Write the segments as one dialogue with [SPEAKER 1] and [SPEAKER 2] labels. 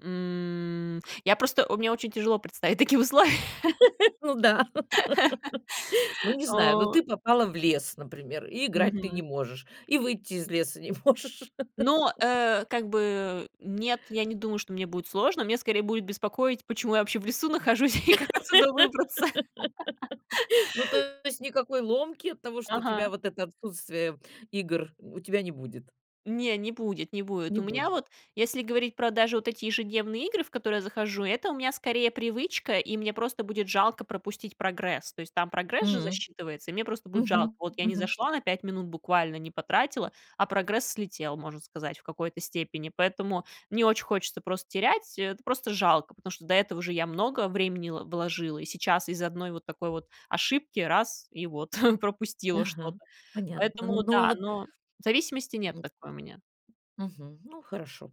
[SPEAKER 1] М. Я просто мне очень тяжело представить такие условия.
[SPEAKER 2] Ну да, ну, не знаю, но
[SPEAKER 1] О.
[SPEAKER 2] ты попала в лес, например, и играть ты не
[SPEAKER 1] Мгм.
[SPEAKER 2] можешь, и выйти из леса не можешь.
[SPEAKER 1] Но, э, как бы нет, я не думаю, что мне будет сложно, меня скорее будет беспокоить, почему я вообще в лесу нахожусь и как отсюда выбраться.
[SPEAKER 2] Ну, то есть, никакой ломки от того, что у тебя
[SPEAKER 1] Ага.
[SPEAKER 2] вот это, отсутствие игр, м, у тебя не будет.
[SPEAKER 1] Не, не будет, не будет.
[SPEAKER 2] Не
[SPEAKER 1] У меня
[SPEAKER 2] будет.
[SPEAKER 1] вот, если говорить про даже вот эти ежедневные игры, в которые я захожу, это у меня скорее привычка, и мне просто будет жалко пропустить прогресс. То есть там
[SPEAKER 2] М
[SPEAKER 1] прогресс же
[SPEAKER 2] м.
[SPEAKER 1] засчитывается, и мне просто будет жалко.
[SPEAKER 2] Мгм,
[SPEAKER 1] Вот я не
[SPEAKER 2] мгм.
[SPEAKER 1] зашла на 5 минут, буквально не потратила, а прогресс слетел, можно сказать, в какой-то степени. Поэтому не очень хочется просто терять, это просто жалко, потому что до этого же я много времени л вложила, и сейчас из-за 1 вот такой вот ошибки, раз- и вот пропустила
[SPEAKER 2] Ага.
[SPEAKER 1] что-то.
[SPEAKER 2] Понятно.
[SPEAKER 1] Поэтому
[SPEAKER 2] Ну, а
[SPEAKER 1] да,
[SPEAKER 2] вот
[SPEAKER 1] но зависимости
[SPEAKER 2] А
[SPEAKER 1] нет
[SPEAKER 2] вот
[SPEAKER 1] такой у меня.
[SPEAKER 2] Мгм, ну хорошо.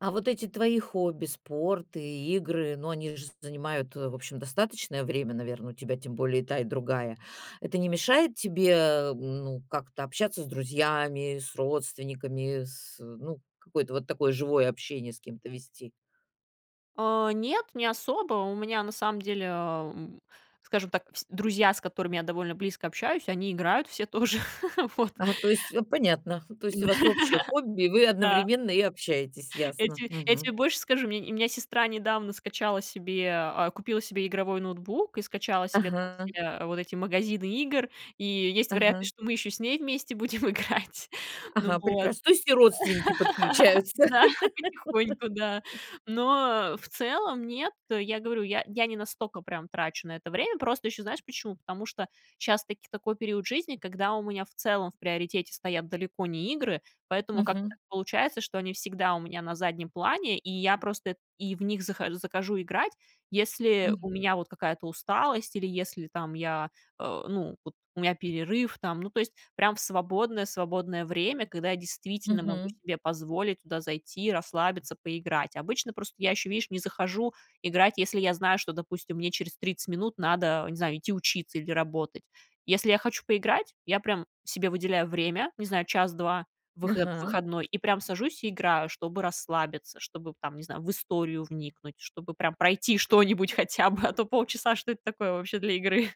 [SPEAKER 2] А вот эти твои хобби, спорт и игры, ну, они же занимают, э, в общем, достаточное время, наверно, у тебя, тем более, и та и другая. Это не мешает тебе, ну, как-то общаться с друзьями, с родственниками, с, ну, какое-то вот такое живое общение с кем-то вести?
[SPEAKER 1] Э, нет, не особо. У меня на самом деле, э, м, скажем так, вс друзья, с которыми я довольно близко общаюсь, они играют все тоже. Вот.
[SPEAKER 2] А, то есть, э, понятно. То есть у
[SPEAKER 1] Да.
[SPEAKER 2] вас общее хобби, и вы
[SPEAKER 1] Да.
[SPEAKER 2] одновременно и общаетесь,
[SPEAKER 1] Я
[SPEAKER 2] ясно.
[SPEAKER 1] те я
[SPEAKER 2] Мгм.
[SPEAKER 1] тебе больше скажу, у меня не у меня сестра недавно скачала себе, а, купила себе игровой ноутбук и скачала себе там
[SPEAKER 2] Ага.
[SPEAKER 1] все вот эти магазины игр. И есть
[SPEAKER 2] Ага.
[SPEAKER 1] вероятность, что мы ещё с ней вместе будем играть. Ну
[SPEAKER 2] Ага,
[SPEAKER 1] вот.
[SPEAKER 2] прекрас то есть и родственники подключаются.
[SPEAKER 1] Да, потихоньку, да. Но в целом нет. Я говорю, я я не настолько прям трачу на это время. Просто ещё знаешь, почему? Потому что щас таки такой период жизни, когда у меня в целом в приоритете стоят далеко не игры, поэтому как-то
[SPEAKER 2] Мгм.
[SPEAKER 1] так получается, что они всегда у меня на заднем плане, и я просто эт и в них зах захожу играть. Если у
[SPEAKER 2] Мгм.
[SPEAKER 1] меня вот какая-то усталость или если там я, э, ну, вот у меня перерыв там. Ну, то есть прям в свободное свободное время, когда я действительно могу
[SPEAKER 2] Мгм.
[SPEAKER 1] себе позволить туда зайти, и расслабиться, поиграть. Обычно просто я ещё, видишь, не захожу играть, если я знаю, что, допустим, мне через 30 минут надо, не знаю, идти учиться или работать. Если я хочу поиграть, я прям себе выделяю время, не знаю, час, 2, выход в
[SPEAKER 2] Ага.
[SPEAKER 1] выходной, и прям сажусь и играю, чтобы расслабиться, чтобы, б там, не знаю, в историю вникнуть, чтобы прям пройти что-нибудь хотя бы, а то полчаса, что это такое вообще для игры.